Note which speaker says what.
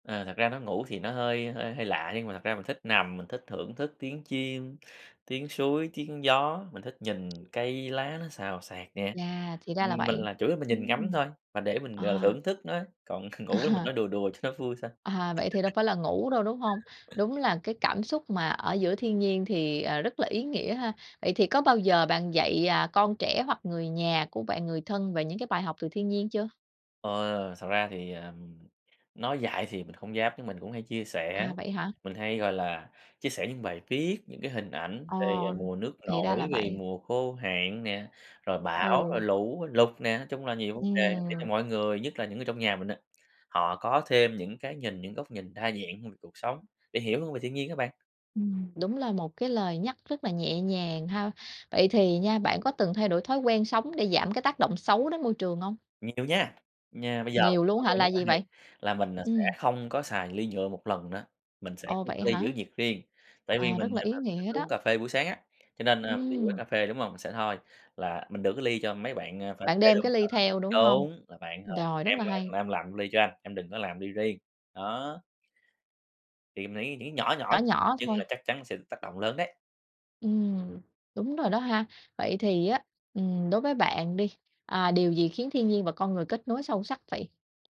Speaker 1: Ờ, thật ra nói ngủ thì nó hơi hơi hơi lạ nhưng mà thật ra mình thích nằm, mình thích thưởng thức tiếng chim, tiếng suối, tiếng gió, mình thích nhìn cây lá nó xào xạc nè.
Speaker 2: Yeah, thì ra là
Speaker 1: Ừm, mình
Speaker 2: vậy!
Speaker 1: là chủ yếu là mình nhìn ngắm
Speaker 2: Ừm.
Speaker 1: thôi, mà để mình, ờ,
Speaker 2: À.
Speaker 1: thưởng thức nó, còn ngủ mình
Speaker 2: À.
Speaker 1: nói đùa đùa cho nó vui thôi.
Speaker 2: À, vậy thì đâu phải là ngủ đâu, đúng hông? Đúng là cái cảm xúc mà ở giữa thiên nhiên thì, à, rất là ý nghĩa ha. Vậy thì có bao giờ bạn dạy, à, con trẻ hoặc người nhà của bạn, người thân về những cái bài học từ thiên nhiên chưa?
Speaker 1: Ờ, thật ra thì, ờ, nói dại thì mình hông dám nhưng mình cũng hay chia sẻ,
Speaker 2: À, vậy hả?
Speaker 1: mình hay, gọi là, chia sẻ những bài viết, những cái hình ảnh
Speaker 2: Ờ,
Speaker 1: về mùa nước
Speaker 2: thì ra là
Speaker 1: nổi, về
Speaker 2: vậy.
Speaker 1: mùa khô hạn nè, rồi bão, rồi
Speaker 2: Ừ.
Speaker 1: lũ lụt nè. Nói chung là nhiều vấn đề để cho
Speaker 2: Ừm.
Speaker 1: mọi người, nhất là những người trong nhà mình á, họ có thêm những cái nhìn những góc nhìn đa dạng hơn về cuộc sống, để hiểu hơn về thiên nhiên á bạn.
Speaker 2: Ừm, đúng là một cái lời nhắc rất là nhẹ nhàng ha! Vậy thì nha bạn có từng thay đổi thói quen sống để giảm cái tác động xấu đến môi trường hông?
Speaker 1: Nhiều nha, nha, bây giờ
Speaker 2: Nhiều luôn
Speaker 1: thói
Speaker 2: á hả,
Speaker 1: quen rất
Speaker 2: là
Speaker 1: là
Speaker 2: gì
Speaker 1: hay,
Speaker 2: vậy?
Speaker 1: là mình, ờ, sẽ
Speaker 2: Ừm.
Speaker 1: không có xài ly nhựa 1 lần nữa, mình sẽ
Speaker 2: Ồ.
Speaker 1: có một
Speaker 2: Vậy
Speaker 1: cái ly
Speaker 2: hả?
Speaker 1: giữ nhiệt riêng, tại vì
Speaker 2: Ờ,
Speaker 1: mình
Speaker 2: rất là ý
Speaker 1: [unintelligible] thích
Speaker 2: nghĩa
Speaker 1: uống
Speaker 2: đó.
Speaker 1: cà phê buổi sáng á, cho nên, ờ, mình đi quán
Speaker 2: Ừm.
Speaker 1: cà phê, đúng hông? Mình sẽ thôi là mình đưa cái ly cho mấy bạn, ơ, pha
Speaker 2: Bạn
Speaker 1: chế
Speaker 2: đem
Speaker 1: luôn,
Speaker 2: cái
Speaker 1: ờ,
Speaker 2: ly theo, đúng hông?
Speaker 1: đúng là "Bạn, ờ,
Speaker 2: Rồi, rất
Speaker 1: em,
Speaker 2: là hay.
Speaker 1: ơ, em làm ly cho anh, em đừng có làm ly riêng." Đó. Thì mình nghĩ nghĩ nhỏ nhỏ
Speaker 2: Nhỏ nhỏ
Speaker 1: nhưng là
Speaker 2: thôi.
Speaker 1: chắc chắn sẽ tác động lớn đấy!
Speaker 2: Ừm, đúng rồi đó ha. Vậy thì á, ừm, đối với bạn đi, à, điều gì khiến thiên nhiên và con người kết nối sâu sắc vậy?